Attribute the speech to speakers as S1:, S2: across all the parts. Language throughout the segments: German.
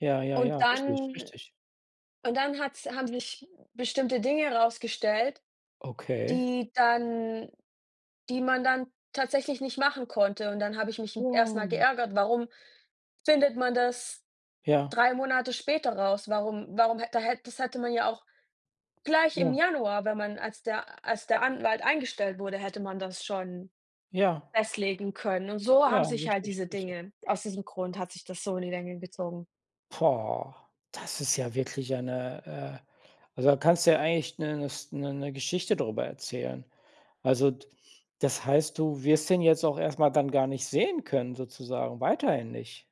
S1: Ja, ja,
S2: Und
S1: ja, richtig,
S2: dann
S1: richtig.
S2: und dann hat's haben sich bestimmte Dinge rausgestellt,
S1: Okay.
S2: die dann die man dann tatsächlich nicht machen konnte. Und dann habe ich mich m erst mal
S1: Wow.
S2: geärgert: „Warum findet man das
S1: Ja.
S2: 3 Monate später raus? Warum warum hätt da hätt das hätte man ja auch gleich im
S1: Ja.
S2: Januar wenn man als der als der Anwalt eingestellt wurde, hätte man das schon
S1: Ja.
S2: festlegen können.“ Und so
S1: Ja,
S2: haben sich halt
S1: richtig,
S2: diese
S1: richtig.
S2: Dinge aus diesem Grund hat sich das so in die Länge gezogen.
S1: Boah, das ist ja wirklich eine, äh also, da kannst du ja eigentlich 'ne 'ne St 'ne 'ne Geschichte drüber erzählen. Also, d das heißt, du wirst den jetzt auch erst mal dann gar nicht sehen können sozusagen, weiterhin nicht,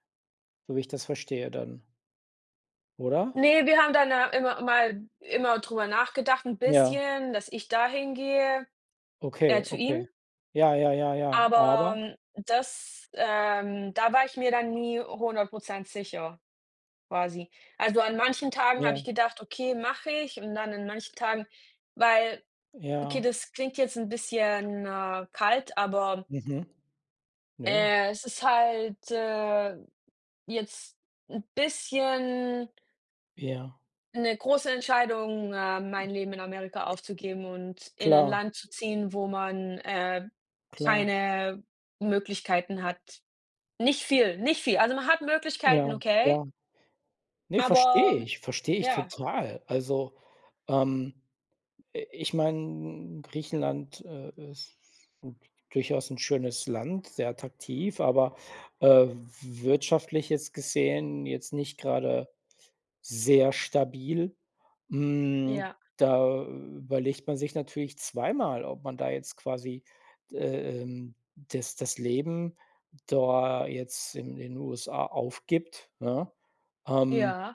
S1: so wie ich das verstehe dann oder?
S2: Ne, wir haben dann, äh, immer mal immer drüber nachgedacht 'n
S1: Ja.
S2: bisschen, dass ich da hingehe, äh,
S1: Okay,
S2: zu
S1: okay.
S2: ihm.
S1: Ja, ja, ja, ja, aber?
S2: Aber, das, ähm da war ich mir dann nie 100 % sicher quasi. Also, an manchen Tagen habe
S1: Ja.
S2: ich gedacht: „Okay, mache ich.“ Und dann an manchen Tagen weil okay,
S1: Ja.
S2: das klingt jetzt 'n, bisschen, äh, kalt, aber
S1: Mhm, ja.
S2: äh, es ist halt, äh, jetzt 'n bisschen
S1: Ja.
S2: 'ne große Entscheidung, ähm, mein Leben in Amerika aufzugeben und in ein
S1: Klar.
S2: Land zu ziehen, wo man, äh,
S1: Klar.
S2: keine Möglichkeiten hat. Nicht viel, nicht viel. Also, man hat Möglichkeiten,
S1: Ja,
S2: okay
S1: ja. Ne, verstehe
S2: aber
S1: ich, verstehe ich
S2: ja.
S1: total. Also, ähm, äh, ich meine, Griechenland, äh, ist gut, durchaus 'n schönes Land, sehr attraktiv, aber, äh, w w wirtschaftlich jetzt gesehen jetzt nicht gerade sehr stabil. Hm,
S2: Ja.
S1: da überlegt man sich natürlich zweimal, ob man da jetzt quasi, d äh, ähm, das das Leben da jetzt in den USA aufgibt, ne, ähm
S2: Ja.